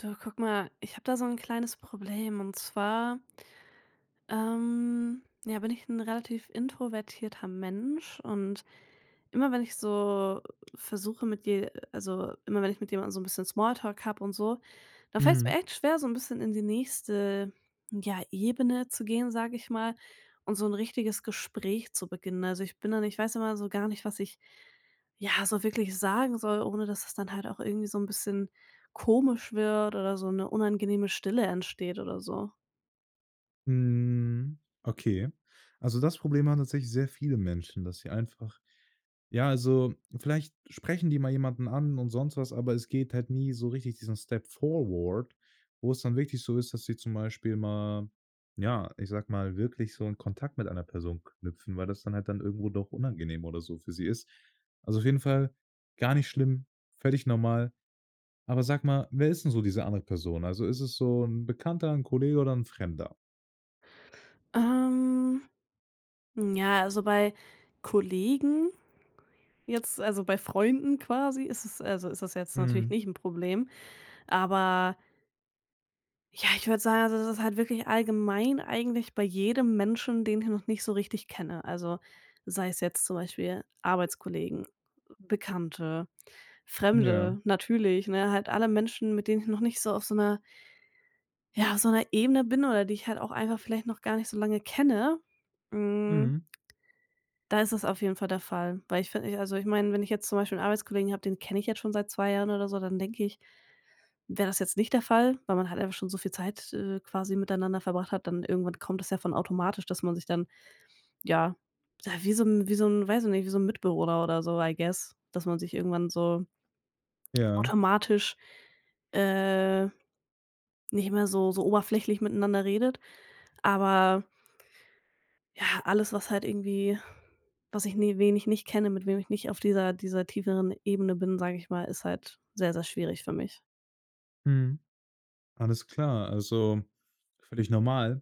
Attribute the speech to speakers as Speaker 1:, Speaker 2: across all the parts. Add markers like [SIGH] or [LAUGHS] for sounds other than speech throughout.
Speaker 1: Du, guck mal, ich habe da so 'n kleines Problem und zwar ähm, ja bin ich 'n relativ introvertierter Mensch und immer wenn ich so versuche mit je äh, also immer wenn ich mit jemandem so 'n bisschen Small Talk hab und so, da fällt's mir
Speaker 2: Mhm.
Speaker 1: echt schwer so 'n bisschen in die nächste, ja, Ebene zu gehen, sage ich mal, und so 'n richtiges Gespräch zu beginnen. Also, ich bin dann ich weiß immer so gar nicht, was ich, ja, so wirklich sagen soll, ohne dass es dann halt auch irgendwie so 'n bisschen komisch wird oder so 'ne unangenehme Stille entsteht oder so.
Speaker 2: Mhm. Okay. Also, das Problem haben tatsächlich sehr viele Menschen, dass sie einfach ja, also, vielleicht sprechen die mal jemanden an und sonst was, aber es geht halt nie so richtig diesen Step forward, wo's dann wirklich so ist, dass sie zum Beispiel mal ja, ich sage mal, wirklich so 'n Kontakt mit einer Person knüpfen, weil das dann halt dann irgendwo doch unangenehm oder so für sie ist. Also, auf jeden Fall gar nicht schlimm, völlig normal. Aber sag mal, wer ist 'n so diese andere Person? Also, ist es so 'n Bekannter, 'n Kollege oder 'n Fremder?
Speaker 1: Ähm. Ja, also bei Kollegen jetzt also bei Freunden quasi ist es also ist es jetzt natürlich
Speaker 2: Mhm.
Speaker 1: nicht 'n Problem. Aber ja, ich würde sagen, also es ist halt wirklich allgemein eigentlich bei jedem Menschen, den ich noch nicht so richtig kenne. Also, sei es jetzt zum Beispiel Arbeitskollegen, Bekannte,
Speaker 2: Ja.
Speaker 1: Fremde, natürlich, ne? Halt alle Menschen, mit denen ich noch nicht so auf so 'ner ja, auf so 'ner Ebene bin oder die ich halt auch einfach vielleicht noch gar nicht so lange kenne, hm.
Speaker 2: Mhm.
Speaker 1: Da ist es auf jeden Fall der Fall. Weil ich fi ich also ich meine, wenn ich jetzt zum Beispiel 'n Arbeitskollegen habe, den kenne ich jetzt schon seit 2 Jahren oder so, dann denke ich, wäre das jetzt nicht der Fall, weil man halt einfach schon so viel Zeit, äh, quasi miteinander verbracht hat. Dann irgendwann kommt das ja von automatisch, dass man sich dann ja ja, wie so 'n wie so 'n, weiß ich nicht wie so 'n Mitbewohner oder so, I guess, dass man sich irgendwann so
Speaker 2: Ja.
Speaker 1: automatisch, äh, nicht mehr so so oberflächlich miteinander redet. Aber ja, alles was halt irgendwie was ich ni wen ich nicht kenne, mit wem ich nicht auf dieser dieser tieferen Ebene bin, sage ich mal, ist halt sehr sehr schwierig für mich.
Speaker 2: Mhm. Alles klar, also völlig normal.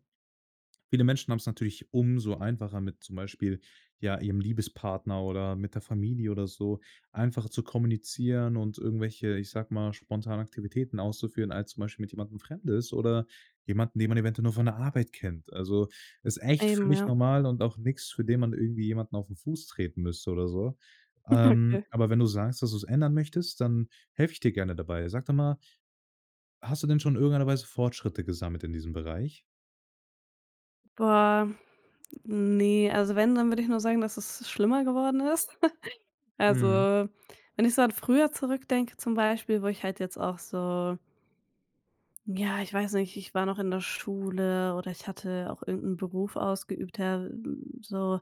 Speaker 2: Viele Menschen haben's natürlich umso einfacher mit zum Beispiel, ja, ihrem Liebespartner oder mit der Familie oder so, einfacher zu kommunizieren und irgendwelche, ich sage mal, spontane Aktivitäten auszuführen, als zum Beispiel mit jemandem Fremdes oder jemanden, den man eventuell nur von der Arbeit kennt. Also ist echt
Speaker 1: Eben,
Speaker 2: völlig
Speaker 1: ja.
Speaker 2: normal und auch nix, für den man irgendwie jemanden auf 'n Fuß treten müsste oder so.
Speaker 1: [GIGGLES]
Speaker 2: Ähm,
Speaker 1: Okay.
Speaker 2: aber wenn du sagst, dass du's ändern möchtest, dann helfe ich dir gerne dabei. Sag doch mal. Hast du denn schon in irgendeiner Weise Fortschritte gesammelt in diesem Bereich?
Speaker 1: Boah, ne, also wenn, dann würde ich nur sagen, dass es schlimmer geworden ist. [GIGGLES] Also,
Speaker 2: Mhm.
Speaker 1: wenn ich so an früher zurückdenke zum Beispiel, wo ich halt jetzt auch so ja, ich weiß nicht, ich war noch in der Schule oder ich hatte auch irgend 'n Beruf ausgeübt, der, hm, so,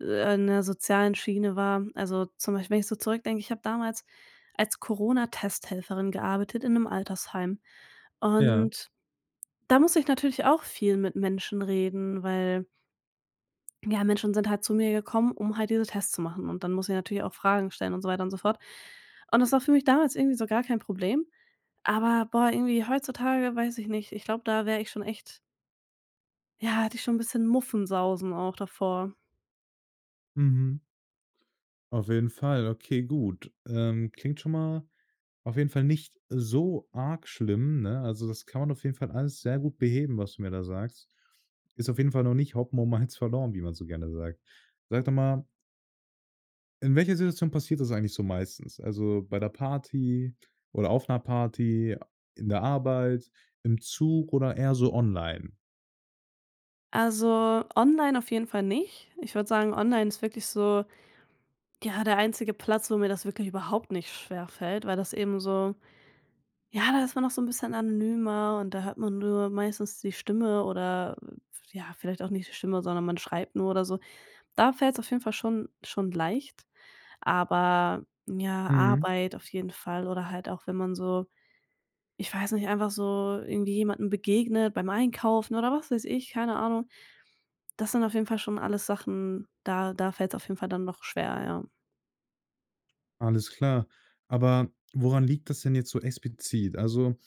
Speaker 1: äh, in der sozialen Schiene war. Also zum Beispiel, wenn ich so zurückdenke, ich habe damals als Corona-Testhelferin gearbeitet in 'nem Altersheim
Speaker 2: Ja.
Speaker 1: und da musste ich natürlich auch viel mit Menschen reden, weil ja, Menschen sind halt zu mir gekommen, um halt diese Tests zu machen. Und dann musste ich natürlich auch Fragen stellen und so weiter und so fort. Und das war für mich damals irgendwie so gar kein Problem. Aber, boah, irgendwie heutzutage, weiß ich nicht, ich glaube, da wäre ich schon echt ja, hätte ich schon 'n bisschen Muffensausen auch davor.
Speaker 2: Mhm. Auf jeden Fall, okay, gut. Ähm, klingt schon mal auf jeden Fall nicht so arg schlimm, ne? Also das kann man auf jeden Fall alles sehr gut beheben, was du mir da sagst. Ist auf jeden Fall noch nicht Hopfen und Malz verloren, wie man so gerne sagt. Sag doch mal in welcher Situation passiert das eigentlich so meistens? Also, bei 'ner Party oder auf 'ner Party, in der Arbeit, im Zug oder eher so online?
Speaker 1: Also online auf jeden Fall nicht. Ich würde sagen, online ist wirklich so, ja, der einzige Platz, wo mir das wirklich überhaupt nicht schwerfällt, weil das eben so ja, da ist man noch so 'n bisschen anonymer und da hört man nur meistens die Stimme oder äh, ja, vielleicht auch nicht die Stimme, sondern man schreibt nur oder so. Da fällt's auf jeden Fall schon schon leicht. Aber ja,
Speaker 2: Mhm.
Speaker 1: Arbeit auf jeden Fall oder halt auch, wenn man so ich weiß nicht, einfach so irgendwie jemandem begegnet beim Einkaufen oder was weiß ich, keine Ahnung. Das sind auf jeden Fall schon alles Sachen, da da fällt's auf jeden Fall dann doch schwer, ja.
Speaker 2: Alles klar. Aber woran liegt das denn jetzt so explizit? Also,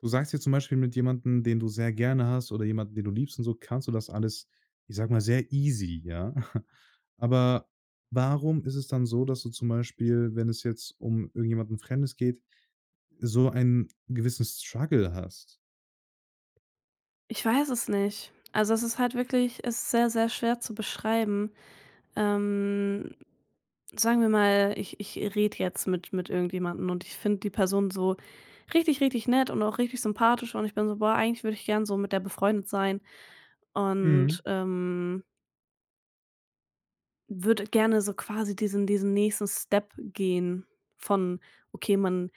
Speaker 2: du sagst ja zum Beispiel mit jemandem, den du sehr gerne hast oder jemanden, den du liebst und so, kannst du das alles, ich sage mal, sehr easy, ja? [CHUCKLES] Aber warum ist es dann so, dass du zum Beispiel, wenn es jetzt um irgendjemanden Fremdes geht, so ein gewissen Struggle hast?
Speaker 1: Ich weiß es nicht. Also, es ist halt wirklich es ist sehr, sehr schwer zu beschreiben, ähm, sagen wir mal, ich ich rede jetzt mit mit irgendjemanden und ich finde die Person so richtig, richtig nett und auch richtig sympathisch und ich bin so: „Boah, eigentlich würde ich gern so mit der befreundet sein.“ Und,
Speaker 2: Mhm.
Speaker 1: ähm würde gerne so quasi diesen diesen nächsten Step gehen von: „Okay, man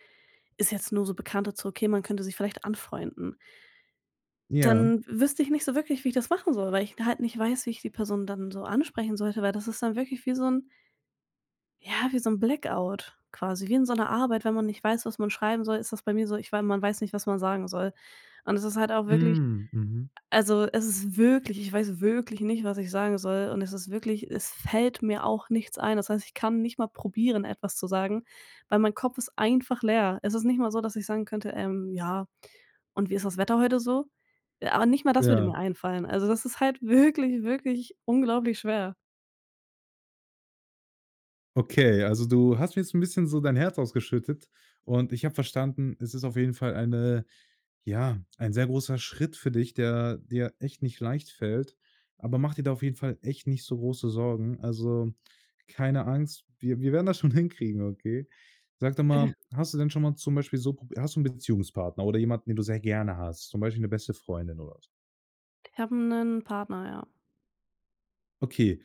Speaker 1: ist jetzt nur so Bekannte," zu: “Okay, man könnte sich vielleicht anfreunden.“
Speaker 2: Ja.
Speaker 1: Dann wüsste ich nicht so wirklich, wie ich das machen soll, weil ich da halt nicht weiß, wie ich die Person dann so ansprechen sollte, weil das ist dann wirklich wie so 'n ja, wie so 'n Blackout quasi, wie in so 'ner Arbeit. Wenn man nicht weiß, was man schreiben soll, ist das bei mir so. Ich wei man weiß nicht, was man sagen soll. Und es ist halt auch wirklich
Speaker 2: Mhm, mhm.
Speaker 1: also, es ist wirklich ich weiß wirklich nicht, was ich sagen soll und es ist wirklich es fällt mir auch nichts ein. Das heißt, ich kann nicht mal probieren, etwas zu sagen, weil mein Kopf ist einfach leer. Es ist nicht mal so, dass ich sagen könnte, ähm: „Ja und wie ist das Wetter heute so?“ Äh ah, nicht mal das würde
Speaker 2: Ja.
Speaker 1: mir einfallen. Also das ist halt wirklich, wirklich unglaublich schwer.
Speaker 2: Okay, also du hast mir jetzt 'n bisschen so dein Herz ausgeschüttet und ich habe verstanden, es ist auf jeden Fall eine ja, ein sehr großer Schritt für dich, der dir echt nicht leicht fällt. Aber mach dir da auf jeden Fall echt nicht so große Sorgen. Also, keine Angst, wir wir werden das schon hinkriegen, okay? Sag doch mal,
Speaker 1: [GIGGLES]
Speaker 2: hast du denn schon mal zum Beispiel so pro hast du 'n Beziehungspartner oder jemanden, den du sehr gerne hast, zum Beispiel 'ne beste Freundin oder so?
Speaker 1: Ich habe 'nen Partner, ja.
Speaker 2: Okay,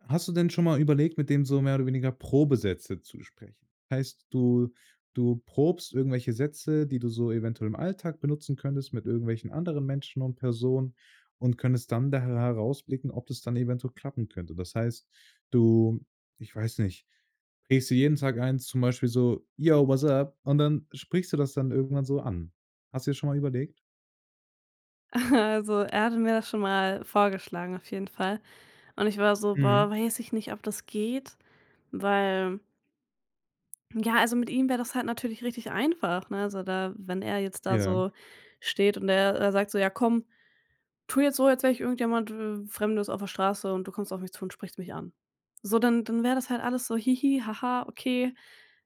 Speaker 2: hast du denn schon mal überlegt, mit dem so mehr oder weniger Probesätze zu sprechen? Heißt, du du probst irgendwelche Sätze, die du so eventuell im Alltag benutzen könntest mit irgendwelchen anderen Menschen und Personen und könntest dann daher herausblicken, ob das dann eventuell klappen könnte. Das heißt, du ich weiß nicht, prägst dir jeden Tag ein zum Beispiel so „Yo, what's up?" und dann sprichst du das dann irgendwann so an. Hast du dir schon mal überlegt?
Speaker 1: [CHUCKLES] Also er hatte mir das schon mal vorgeschlagen auf jeden Fall. Und ich war so boah,
Speaker 2: Mhm.
Speaker 1: weiß ich nicht, ob das geht, weil Ja, also mit ihm wäre das halt natürlich richtig einfach, ne? Also da wenn er jetzt da
Speaker 2: Ja.
Speaker 1: so steht und er er sagt: „So, ja komm, tu jetzt so, als jetzt wäre ich irgendjemand w Fremdes auf der Straße und du kommst auf mich zu und sprichst mich an.“ So, dann dann wäre das halt alles so: „Hihi, ha ha, okay,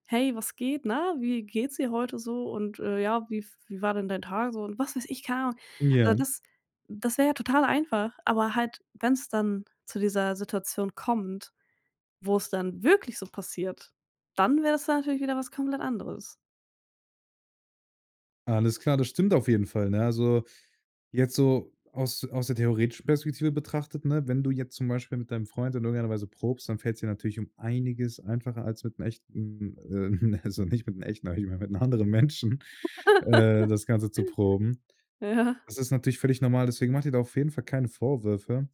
Speaker 1: hey, was geht, ne? Wie geht's dir heute so? Und, äh, ja, wie f wie war denn dein Tag so“ und was weiß ich, keine Ahnung? Also
Speaker 2: Ja.
Speaker 1: das das wäre ja total einfach, aber halt, wenn's dann zu dieser Situation kommt, wo's dann wirklich so passiert, dann wäre es natürlich wieder was komplett anderes.
Speaker 2: Alles klar, das stimmt auf jeden Fall, ne? Also, jetzt so aus aus der theoretischen Perspektive betrachtet, ne, wenn du jetzt zum Beispiel mit deinem Freund in irgendeiner Weise probst, dann fällt's dir natürlich um einiges einfacher als mit 'nem echten ähm, ne, also nicht mit 'nem echten aber ich meine, mit 'nem anderen Menschen, äh, das Ganze zu
Speaker 1: [LAUGHS]
Speaker 2: proben.
Speaker 1: Ja.
Speaker 2: Das ist natürlich völlig normal, deswegen mache dir da auf jeden Fall keine Vorwürfe.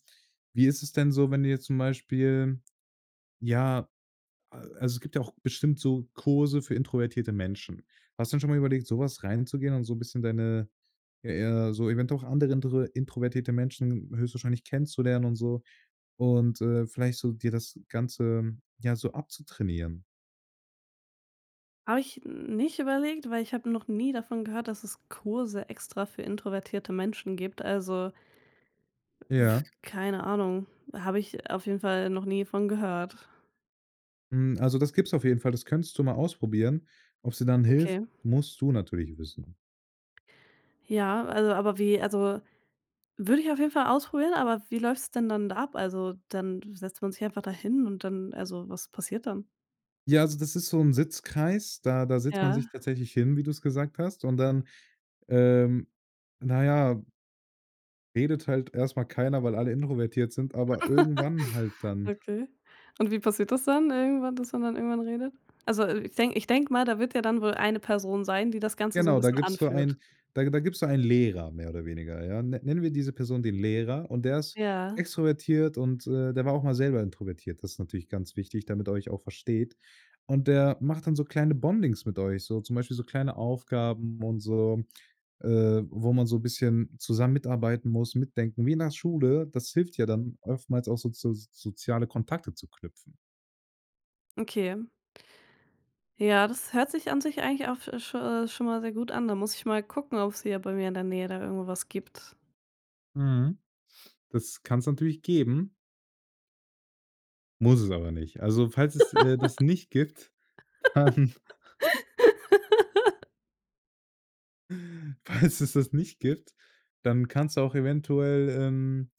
Speaker 2: Wie ist es denn so, wenn du jetzt zum Beispiel, ja a also es gibt ja auch bestimmt so Kurse für introvertierte Menschen. Hast du denn schon mal überlegt, so was reinzugehen und so 'n bisschen deine ja, eher so eventuell auch andere intr introvertierte Menschen höchstwahrscheinlich kennenzulernen und so? Und, äh, vielleicht so dir das Ganze, ja, so abzutrainieren?
Speaker 1: Habe ich nicht überlegt, weil ich habe noch nie davon gehört, dass es Kurse extra für introvertierte Menschen gibt. Also w
Speaker 2: Ja.
Speaker 1: keine Ahnung, habe ich auf jeden Fall noch nie von gehört.
Speaker 2: Hm, also das gibt's auf jeden Fall, das könntest du mal ausprobieren. Ob's dir dann hilft,
Speaker 1: Okay.
Speaker 2: musst du natürlich wissen.
Speaker 1: Ja, also, aber wie also, würde ich auf jeden Fall ausprobieren. Aber wie läuft's denn dann da ab? Also dann setzt man sich einfach da hin und dann also, was passiert dann?
Speaker 2: Ja, also das ist so 'n Sitzkreis, da da setzt man
Speaker 1: Ja.
Speaker 2: sich tatsächlich hin, wie du's gesagt hast. Und dann, ähm, na ja redet halt erst mal keiner, weil alle introvertiert sind, aber irgendwann halt
Speaker 1: [LAUGHS]
Speaker 2: dann.
Speaker 1: Okay. Und wie passiert das dann irgendwann, dass man dann irgendwann redet? Also, äh, ich denke ich denke mal, da wird ja dann wohl eine Person sein, die das Ganze so 'n
Speaker 2: Genau, da
Speaker 1: bisschen
Speaker 2: gibt's so
Speaker 1: anführt.
Speaker 2: einen da da gibt's da einen Lehrer mehr oder weniger, ja. Nenn nennen wir diese Person den Lehrer, und der ist
Speaker 1: Ja.
Speaker 2: extrovertiert und, äh, der war auch mal selber introvertiert. Das ist natürlich ganz wichtig, damit er euch auch versteht. Und der macht dann so kleine Bondings mit euch so zum Beispiel so kleine Aufgaben und so, äh, wo man so bisschen zusammen mitarbeiten muss, mitdenken wie in der Schule. Das hilft ja dann oftmals auch so zu soziale Kontakte zu knüpfen.
Speaker 1: Okay. Ja, das hört sich an sich eigentlich auch sch schon mal sehr gut an. Da muss ich mal gucken, ob's hier bei mir in der Nähe da irgendwo was gibt.
Speaker 2: Mhm, das kann's natürlich geben. Muss es aber nicht. Also falls es, äh, das nicht gibt, dann
Speaker 1: [LAUGHS]
Speaker 2: Falls es das nicht gibt, dann kannst du auch eventuell, ähm,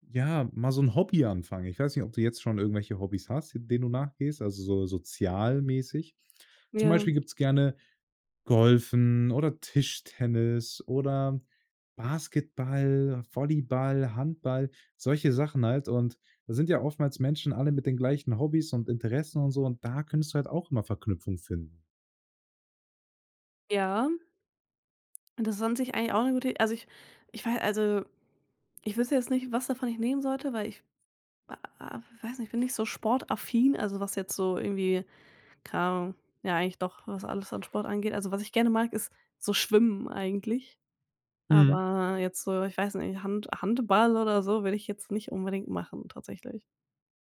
Speaker 2: ja, mal so 'n Hobby anfangen. Ich weiß nicht, ob du jetzt schon irgendwelche Hobbys hast, denen du nachgehst, also so sozialmäßig. Zum Beispiel
Speaker 1: Ja.
Speaker 2: gibt's gerne Golfen oder Tischtennis oder Basketball, Volleyball, Handball, solche Sachen halt. Und da sind ja oftmals Menschen alle mit den gleichen Hobbys und Interessen und so, und da könntest du halt auch immer Verknüpfung finden.
Speaker 1: Ja. Das ist an sich auch 'ne gute Id also, ich ich wei also ich wüsste jetzt nicht, was davon ich nehmen sollte, weil ich w w weiß nicht ich bin nicht so sportaffin also was jetzt so irgendwie keine Ahnung ja eigentlich doch, was alles an Sport angeht. Also was ich gerne mag, ist so Schwimmen eigentlich.
Speaker 2: Mhm.
Speaker 1: Aber jetzt so, ich weiß nicht, Hand Handball oder so, würde ich jetzt nicht unbedingt machen tatsächlich.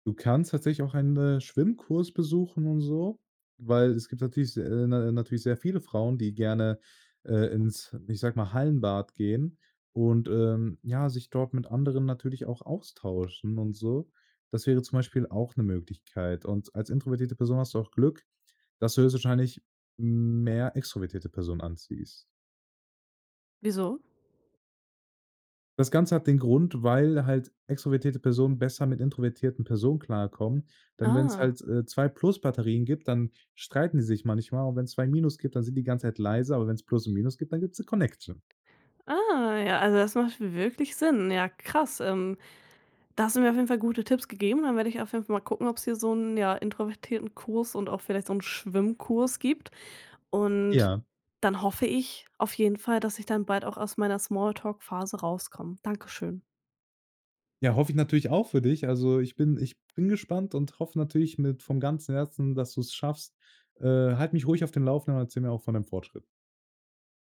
Speaker 2: Du kannst tatsächlich auch einen, äh, Schwimmkurs besuchen und so, weil es gibt natürlich se na natürlich sehr viele Frauen, die gerne, äh, ins, ich sage mal, Hallenbad gehen und, ähm, ja, sich dort mit anderen natürlich auch austauschen und so. Das wäre zum Beispiel auch 'ne Möglichkeit. Und als introvertierte Person hast du auch Glück, dass du höchstwahrscheinlich mehr extrovertierte Personen anziehst.
Speaker 1: Wieso?
Speaker 2: Das Ganze hat den Grund, weil halt extrovertierte Personen besser mit introvertierten Personen klarkommen, denn wenn's
Speaker 1: Ah.
Speaker 2: halt, äh, 2 Plus-Batterien gibt, dann streiten die sich manchmal und wenn's 2 Minus gibt, dann sind die ganze Zeit leise, aber wenn's Plus und Minus gibt, dann gibt's 'ne Connection.
Speaker 1: Ah, ja, also das macht w wirklich Sinn, ja krass, ähm, da hast du mir auf jeden Fall gute Tipps gegeben. Dann werde ich auf jeden Fall mal gucken, ob's hier so 'nen, ja, introvertierten Kurs und auch vielleicht so 'n Schwimmkurs gibt. Und
Speaker 2: Ja.
Speaker 1: dann hoffe ich auf jeden Fall, dass ich dann bald auch aus meiner Smalltalk-Phase rauskomme. Danke schön.
Speaker 2: Ja, hoffe ich natürlich auch für dich. Also, ich bin ich bin gespannt und hoffe natürlich mit vom ganzen Herzen, dass du's schaffst. Äh, halt mich ruhig auf dem Laufenden und erzähle mir auch von deinem Fortschritt.